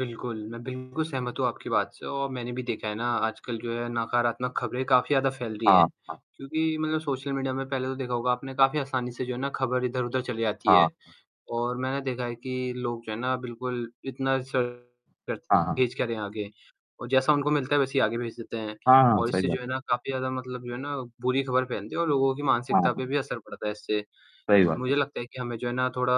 बिल्कुल, मैं बिल्कुल सहमत हूँ आपकी बात से और मैंने भी देखा है ना, आजकल जो है नकारात्मक खबरें काफ़ी ज़्यादा फैल रही हैं। हाँ, हाँ। क्योंकि मतलब सोशल मीडिया में पहले तो देखा होगा आपने काफ़ी आसानी से जो है ना, खबर इधर-उधर चली जाती हाँ। है अ और मैंने देखा है कि लोग जो है ना, बिल्कुल इतना [unintelligible] हाँ, हाँ। भेज क्या रहे हैं आगे? और जैसा उनको मिलता है वैसे ही आगे भेज देते हैं हाँ, हाँ, और सही इससे बात जो है। है ना काफ़ी ज़्यादा मतलब जो है ना, बुरी खबर फैलती है और लोगों की हाँ, मानसिकता पे हाँ। भी असर पड़ता है इससे। सही बात है। मुझे लगता है कि हमें जो है ना थोड़ा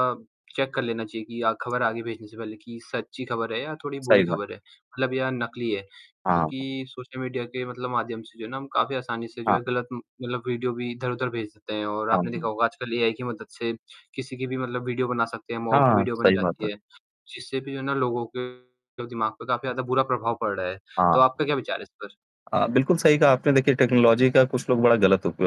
चेक कर लेना चाहिए कि या खबर आगे भेजने से पहले कि सच्ची खबर है या थोड़ी सही बुरी बात खबर है। है मतलब या नकली है। हाँ। क्योंकि सोशल मीडिया के मतलब माध्यम से जो है ना, हम काफ़ी आसानी से जो है हाँ। गलत उम, मतलब वीडियो भी इधर-उधर भेज देते हैं और हाँ, आपने देखा हुँ। होगा आजकल एआई की मदद से किसी की भी मतलब वीडियो बना सकते हैं, हाँ, मॉर्फ्ड हाँ, वीडियो बन सही बात है। जाती है। जिससे भी जो है ना लोगों के दिमाग पर काफ़ी ज़्यादा बुरा प्रभाव पड़ रहा है, तो हाँ। आपका क्या विचार है इस पर? अ, बिल्कुल सही कहा आपने, देखिए टेक्नोलॉज़ी का कुछ लोग बड़ा गलत उप अ,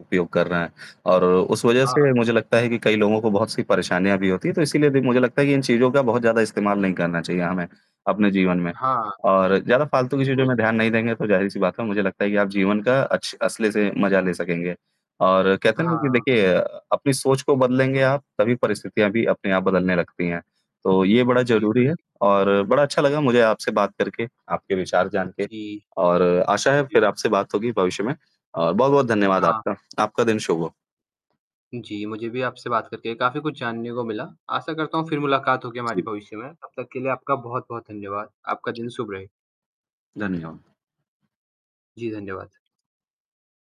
उपयोग कर रहे हैं और उस वजह हाँ, हाँ। से मुझे लगता है कि कई लोगों को बहुत सी परेशानियाँ भी होती है, तो इसीलिए भी मुझे लगता है कि इन चीज़ों का बहुत ज़्यादा इस्तेमाल नहीं करना चाहिए हमें अपने जीवन में। हाँ, और ज़्यादा फालतू की चीज़ों में बिल्कुल। ध्यान नहीं देंगे तो जाहिर-सी बात है मुझे लगता है कि आप जीवन का अच्छ असली से मजा ले सकेंगे, और कहते हैं ना कि हाँ। देखिए अ, अपनी सोच को बदलेंगे आप, तभी परिस्थितियाँ भी अपने आप बदलने लगती हैं। तो ये बड़ा ज़रूरी है बिल्कुल। और बड़ा अच्छा लगा मुझे आपसे बात करके, आपके विचार जान के जी। और आशा है, हुँ, जी। फिर आपसे बात होगी भविष्य में अ, बहुत-बहुत धन्यवाद हाँ। आपका। आपका दिन शुभ हो। जी, मुझे भी आपसे बात करके काफ़ी कुछ जानने को मिला। आशा करता हूँ, फिर मुलाकात होगी जी। हमारी भविष्य में, तब तक के लिए आपका बहुत-बहुत धन्यवाद। आपका दिन जी। शुभ रहे। धन्यवाद। जी, धन्यवाद।